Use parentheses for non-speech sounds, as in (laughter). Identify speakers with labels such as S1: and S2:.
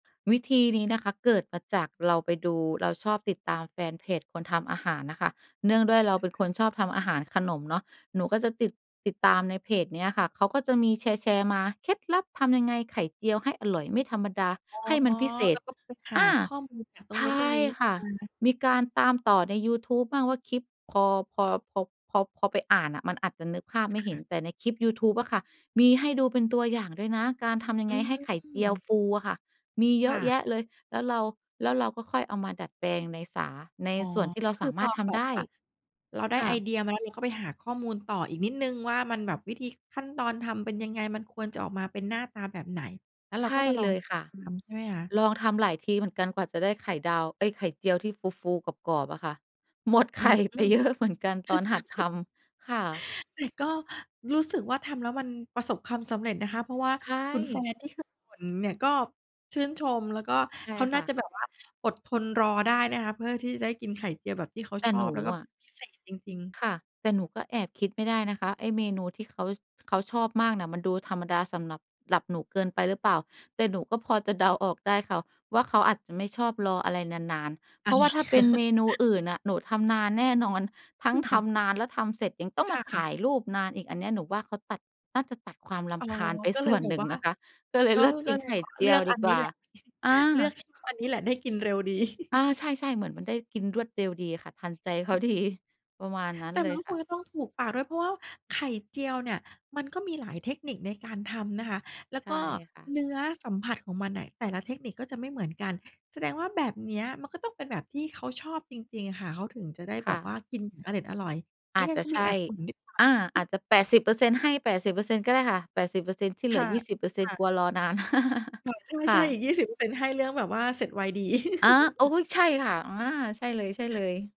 S1: วิธีนี้นะคะเกิดมาจากเราไปดู เราชอบติดตามแฟนเพจคนทำอาหารน่ะค่ะ เนื่องด้วยเราเป็นคนชอบทำอาหาร ขนมเนาะ หนูก็จะติด ติดตามในเพจเนี้ยค่ะ เขาก็จะมีแชร์ ๆ มา เคล็ดลับทำยังไงไข่เจียวให้อร่อยไม่ธรรมดา
S2: อ๋อ
S1: ให้มันพิเศ
S2: แล้
S1: ษ
S2: วก็ไปหา
S1: อา
S2: ข้อมูลจากตร
S1: ใ
S2: ง
S1: ช
S2: โน้น ตร
S1: ่
S2: งนี้
S1: ค่ะ
S2: มา
S1: มีการตามต่อในยูทูบมั่งว่า คลิปพอ พอ พอ พอ พอไปอ่านน่ะมันอาจจะนึกภาพไม่เห
S2: ค
S1: ็
S2: ่
S1: น
S2: ะ
S1: แต่ในคลิปยูทูบอะค่ะมีให้ดูเป็นตัวอย่างด้วยนะ การทำยัง
S2: อื
S1: ไง
S2: ม
S1: ให้ไข่เจียวฟูอะค่ะ มีเย
S2: ค
S1: อะ
S2: ่
S1: แ
S2: ะ
S1: ยะเลย แล้วเรา แล้วเราก็ค่อยเอามาดัดแปลงในสา ใน
S2: อ๋อ
S1: ส่วนที่เรา
S2: ค
S1: ส
S2: ือ
S1: า
S2: พ
S1: มา
S2: อ
S1: รถท
S2: แบ
S1: ำไ
S2: บ
S1: ด้
S2: ว่า เราได้
S1: ค่
S2: ไอ
S1: ะ
S2: เดียมาแล้ว เราก็ไปหาข้อมูลต่ออีกนิดหนึ่งว่า มัน แบบวิธีขั้นตอนทำเป็นยังไง? มันควรจะออกมาเป็นหน้าตาแบบไหน? แล้วเ
S1: ใ
S2: รา
S1: ช
S2: ก็
S1: ่
S2: มาลอ
S1: เล
S2: ง
S1: ยค่ะ
S2: ลองทำใช่ไหมคะ?
S1: ลองทำหลายทีเหมือนกันกว่าจะได้ไข่ดาว เอ๊ย ไข่เจียวที่ฟู ๆ กรอบ ๆ อะค่ะ หมดไ
S2: อื
S1: ข่
S2: อ
S1: ไ
S2: อ
S1: ป
S2: ืม
S1: เยอะ เหมือนกันตอนหัดท
S2: (chuckles)
S1: ำ ค่ะ
S2: แต่ก็รู้สึกว่า ทำแล้วมันประสบความสำเร็จนะคะ เพราะว่า
S1: ใช
S2: คุณแฟ
S1: ่
S2: นนี่เขา อือ เนี่ยก็ชื่นชม แล้วก็
S1: ใช่
S2: เขาน
S1: ค
S2: ่
S1: ่
S2: าจะ
S1: ะ
S2: แบบว่าอดทนรอได้นะคะ เพื่อที่จะได้กินไข่เจียวแบบที่เขา
S1: แต
S2: ช
S1: ่
S2: อ
S1: หน
S2: บ
S1: ู
S2: แล้วก็
S1: อะ
S2: พิเศษจริง ๆ
S1: ค่ะ แต่หนูก็แอบคิดไม่ได้นะคะ ไอ้เมนูที่เขา เขาชอบมากเนี่ยมันดูธรรมดาสำหรับ หรับหนูเกินไปหรือเปล่า แต่หนูก็พอจะเดาออกได้ค่ะว่า เขาอาจจะไม่ชอบรออะไรนาน
S2: อา
S1: ๆ เพราะว่าถ้าเป็นเมนูอ
S2: (chuckles)
S1: ื่นน่ะ หนูทำนานแน่นอน ทั
S2: ค
S1: ้งท
S2: ่ะ
S1: ำนานแล้วทำเสร็จยังต้อง
S2: ค
S1: มา
S2: ่
S1: ถ
S2: ะ
S1: ่ายรูปนานอีก อันเนี้ยหนูว่า เขาตัด น่าจะตัดความร
S2: อ๋อ
S1: ำคาญไป
S2: ก็เ
S1: ส
S2: ล
S1: ่
S2: ย
S1: วน
S2: แบ
S1: ห
S2: บ
S1: นึ่
S2: ว
S1: ง
S2: ่า
S1: นะคะ ก็เลย
S2: ก็
S1: เลือกก
S2: ก
S1: ิ
S2: ็
S1: น
S2: เล
S1: ไ
S2: ย
S1: ข
S2: แ
S1: ่
S2: บบ
S1: เจ
S2: เ
S1: ี
S2: ลื
S1: ยว
S2: อก
S1: ด
S2: อั
S1: ี
S2: น
S1: ก
S2: นี
S1: ว
S2: ้
S1: ่า
S2: แหละ (chuckles)
S1: อ
S2: เลือ
S1: า
S2: กชิ อันนี้แหละได้กินเร็วดี
S1: อา
S2: (chuckles)
S1: ใช่ ๆ เหมือนมันได้กินรวดเร็วดีค่ะ ทันใจเขา
S2: อือ
S1: ดี ประมาณนั้น
S2: แต่
S1: เล
S2: มั
S1: ย
S2: นก็
S1: ค
S2: ค
S1: ่
S2: ง
S1: ะ
S2: จะต้องถูกปากด้วย เพราะว่าไข่เจียวเนี่ยมันก็มีหลายเทคนิคในการทำนะคะ แล้ว
S1: ใช
S2: ก
S1: ่
S2: ็
S1: ค่ะ
S2: เนื้อสัมผัสของมันน่ะ แต่ละเทคนิคก็จะไม่เหมือนกัน แสดงว่าแบบเนี้ยมันก็ต้องเป็นแบบที่เขาชอบจริง ๆ อะค่ะ เขาถึงจะได้
S1: ค
S2: แบ
S1: ่
S2: บว
S1: ะ
S2: ่ากินเอร็ดอร่อย ไม
S1: อ
S2: ่
S1: าจ
S2: งั้
S1: จ
S2: นเข
S1: ะ
S2: า
S1: ใ
S2: ม
S1: ช
S2: ีแอ
S1: ่
S2: บบ่นนิดหน่อ
S1: อ
S2: ย
S1: า อา
S2: (chuckles)
S1: จจะ 80% ให้ 80% ก็ได้ค่ะ 80% ที่เ
S2: ค
S1: หลื
S2: ่
S1: อ
S2: ะ
S1: ยี่สิบเปอร์เซ
S2: ค
S1: ็น
S2: ่
S1: ต์ ก
S2: ะ
S1: ลัวรอนาน (chuckles)
S2: ค่ะ
S1: ค
S2: ใช
S1: ่
S2: ่ ๆ
S1: ะ
S2: อีก 20% ให้เรื่องแบบว่าเสร็จไวดี
S1: อา โอ๊
S2: (chuckles)
S1: ย ใช่ค่ะ อา ใช่เลย ๆ